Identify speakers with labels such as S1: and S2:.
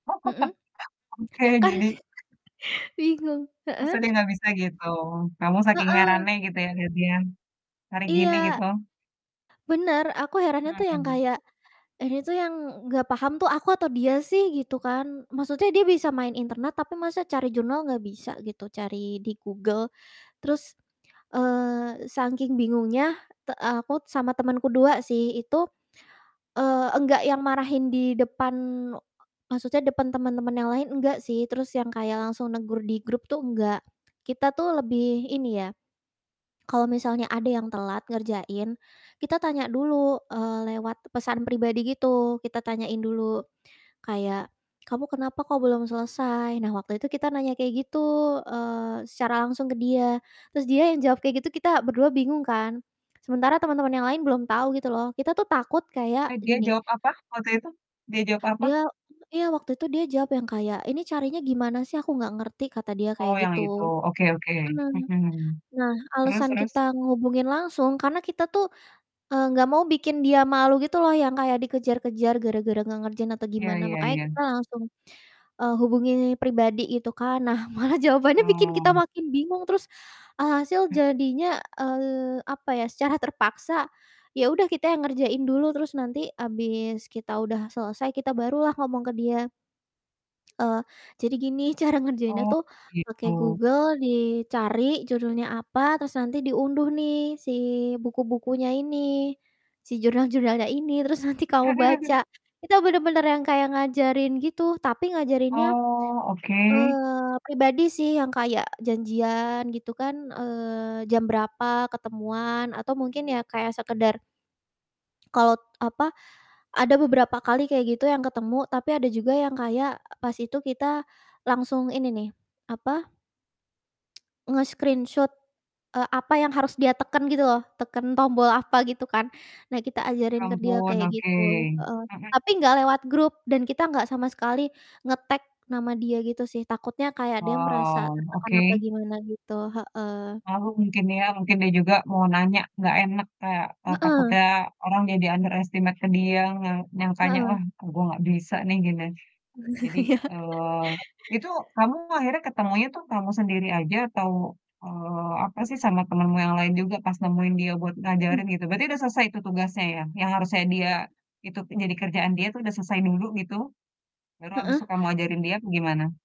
S1: Mhm. Kar
S2: Oke.
S1: bingung,
S2: Masa
S1: heeh?
S2: dia nggak bisa gitu, kamu saking
S1: Heeh.
S2: herannya gitu ya lihat dia, hari gini
S1: Iya.
S2: gitu.
S1: Bener, aku herannya tuh yang
S2: Hmm.
S1: kayak, ini tuh yang nggak paham tuh aku atau dia sih gitu kan. Maksudnya dia bisa main internet tapi masa cari jurnal nggak bisa gitu, cari di Google. Terus, eee, sangking bingungnya te aku sama temen ku 2 sih itu, eee, enggak yang marahin di depan u maksudnya depan temen-temen yang lain, enggak sih. Terus yang kayak langsung negur di grup tuh enggak. Kita tuh lebih ini ya, kalau misalnya ada yang telat ngerjain, kita tanya dulu, eee, lewat pesan pribadi gitu, kita tanyain dulu kayak, "Kamu kenapa kok belum selesai?" Nah, waktu itu kita nanya kayak gitu, eee, secara langsung ke dia. Terus dia yang jawab kayak gitu, kita ber-2 bingung kan, sementara teman-teman yang lain belum tahu gitu loh, kita tuh takut kayak
S2: Eh, dia
S1: gini
S2: jawab apa waktu itu? Dia jawab apa?
S1: Dia iya, waktu itu dia jawab yang kayak, "Ini carinya gimana sih, aku nggak ngerti." Kata dia kayak
S2: Oh yang itu,
S1: gitu.
S2: oke oke,
S1: Mmm.
S2: mhm.
S1: Nah
S2: Terus
S1: alasan
S2: terus?
S1: kita ngehubungin langsung karena kita tuh, eee, nggak mau bikin dia malu gitu loh, yang kayak dikejar-kejar gara-gara nggak ngerjain atau
S2: Iya
S1: gimana
S2: iya
S1: makanya
S2: iya.
S1: kita langsung, eee, hubungi pribadi gitu kan, nah malah jawabannya bikin kita
S2: Oh.
S1: makin bingung, terus, alhasil jadinya, eee, apa ya, secara terpaksa, ya udah kita yang ngerjain dulu, terus nanti habis kita udah selesai, kita barulah ngomong ke dia. Eee, jadi gini "Cara ngerjainnya
S2: Oh,
S1: tuh pakai
S2: gitu.
S1: Google dicari judulnya apa, terus nanti diunduh nih si buku-bukunya ini, si jurnal-jurnalnya ini terus nanti kamu baca." Kita bener-bener yang kayak ngajarin gitu, tapi ngajarinnya,
S2: Oh, oke.
S1: eee, pribadi sih yang kayak janjian, gitu kan, eee, jam berapa ketemuan atau mungkin ya kayak sekedar kalau, apa, ada beberapa kali kayak gitu yang ketemu, tapi ada juga yang kayak, eee, pas itu kita langsung ini nih, apa, nge-screenshoot, eee, apa yang harus dia teken gitu loh, teken tombol apa gitu kan. Nah, kita
S2: Ya
S1: ajarin ke dia
S2: ampun,
S1: kayak
S2: oke,
S1: gitu, heeh.
S2: mhm.
S1: Tapi nggak lewat grup dan kita nggak sama sekali ngetag nama dia gitu sih, takutnya kayak dia merasa
S2: Oh,
S1: tertekan apa
S2: oke.
S1: gimana gitu, heeh.
S2: Malu mungkin ya, mungkin dia juga mau nanya nggak enak, kayak ntar
S1: Heeh.
S2: takutnya orang jadi underestimate ke dia, yang yang tanya,
S1: Heeh.
S2: "Wah, e gue nggak bisa nih, gini." Jadi,
S1: Iya.
S2: eee, itu kamu akhirnya ketemunya tuh kamu sendiri aja atau, eee, apa sih, sama temenmu yang lain juga pas nemuin dia buat
S1: Mhm.
S2: ngajarin gitu, berarti udah selesai itu tugasnya ya? Yang harusnya dia itu jadi kerjaan dia tuh udah selesai dulu gitu, baru habis tuh kamu
S1: Heeh.
S2: ajarin dia, apa gimana?